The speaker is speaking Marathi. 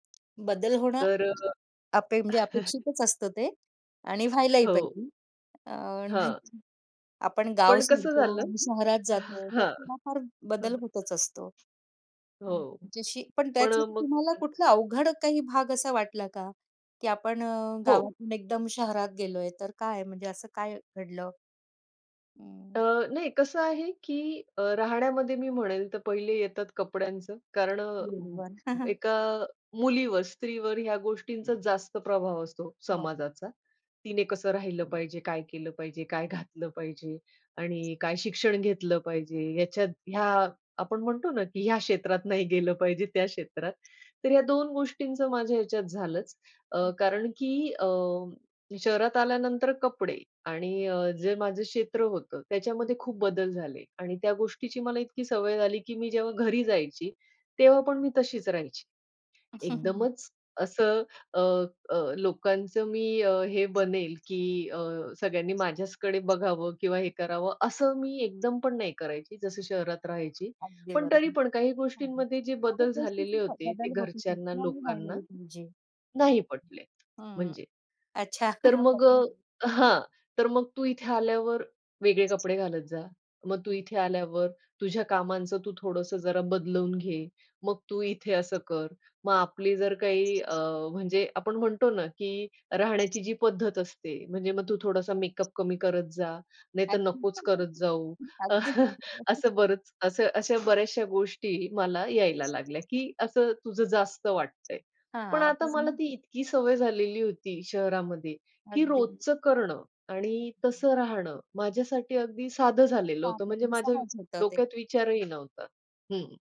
बदल होणं तर अ अपे म्हणजे अपेक्षितच असतं ते आणि व्हायलाही हो. पाहिजे. अ, हां. नाहीतर आपण गाव पण कसं सोडतो झालं आणि शहरात अ, जातो, तर हां. थोडाफार बदल होतच असतो. हं. हो. जशी पण पण त्याचा अ, मग तुम्हाला [unintelligible] कुठला अवघड काही भाग असा वाटला का, की आपण अ, हो. गावातून एकदम शहरात गेलोय, तर काय म्हणजे असं काय घडलं? अ, हं. नाही कसं आहे की अ, राहण्यामध्ये मी म्हणेल तर पहिले येतात कपड्यांचं कारण अ, बरोबर. एका मुलीवर स्त्रीवर ह्या गोष्टींचा जास्त प्रभाव असतो हां. समाजाचा. तिने कसं राहिलं पाहिजे, काय केलं पाहिजे, काय घातलं पाहिजे आणि काय शिक्षण घेतलं पाहिजे याच्यात, ह्या आपण म्हणतो ना की ह्या क्षेत्रात नाही गेलं पाहिजे, त्या क्षेत्रात, तर या 2 गोष्टींचं माझ्या ह्याच्यात झालंच अ, हं. कारण की अ, शहरात आल्यानंतर कपडे आणि अ, जे माझं क्षेत्र होतं, हं, त्याच्यामध्ये खूप हं. बदल झाले आणि त्या गोष्टीची मला इतकी सवय झाली, की मी जेव्हा घरी जायची, तेव्हा पण मी तशीच राहायची. एकदमच असं अ, अ, लोकांचं मी अ, हे बनेल की अ, सगळ्यांनी माझ्याचकडे बघावं किंवा हे करावं असं मी एकदमपण नाही करायची, जसं शहरात राहायची. अगदी पण बरोबर. तरीपण काही हां. हं. गोष्टींमध्ये जे बदल खूपचं झालेले तिथे होते. ते बदल होती ती, घरच्यांना, ती आम्ही लोकांना [unintelligible] पाहिजे. नाही पटलेत. हं, हं. म्हणजे, अच्छा. तर मग पटलं ते. अ, हां, तर मग तू इथे आल्यावर वेगळे कपडे घालत जा, मग तू इथे आल्यावर तुझ्या कामांचं तू थोडंसं जरा बदलून घे, मग तू इथे असं कर. मग आपली जर काही अ, म्हणजे आपण म्हणतो ना की राहण्याची जी पद्धत असते, म्हणजे मग तू थोडासा मेकअप कमी करत जा, नाहीतर नकोच अ‍ॅक्चुअली करत जाऊ. [unintelligible] अगदी बरोबर. असं बरंच असं अशा बऱ्याचश्या गोष्टी मला यायला लागल्या, की असं तुझं जास्त वाटतंय, पण हां. आता पण मला मग ती इतकी सवय झालेली होती शहरामध्ये, की अगदी. रोजचं करणं हं, आणि हं, हं. तसं राहणं माझ्यासाठी अगदी साधं झालेलं काम होतं. आहे म्हणजे मग माझ्या सहज होतं ते. डोक्यात हं. विचारही नव्हता. हं.